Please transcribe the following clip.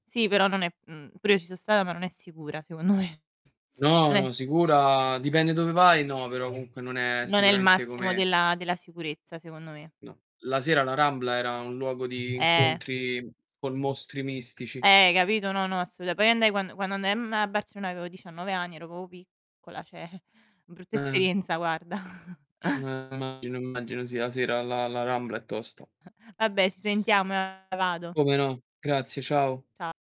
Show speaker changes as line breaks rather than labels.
Sì, però, non è mhmm, pure io ci so stata ma non è sicura secondo me.
No,
Non è
no, sicura, dipende dove vai, no, però comunque non è
non è il
sicuramente
massimo
come
della della sicurezza, secondo me.
No, la sera la Rambla era un luogo di
Eh.
incontri con mostri mistici.
Eh, hai capito? No, no, assoluta poi andai quando quando andai a mhmm, a Barcellona avevo 19 anni, ero proprio piccola, cioè, brutta
Eh.
esperienza guarda.
Eh, immagino, immagino. Sì, 'a sera la la Rambla è tosta.
Vabbè, ci sentiamo vado.
Come no! Grazie, ciao.
Cia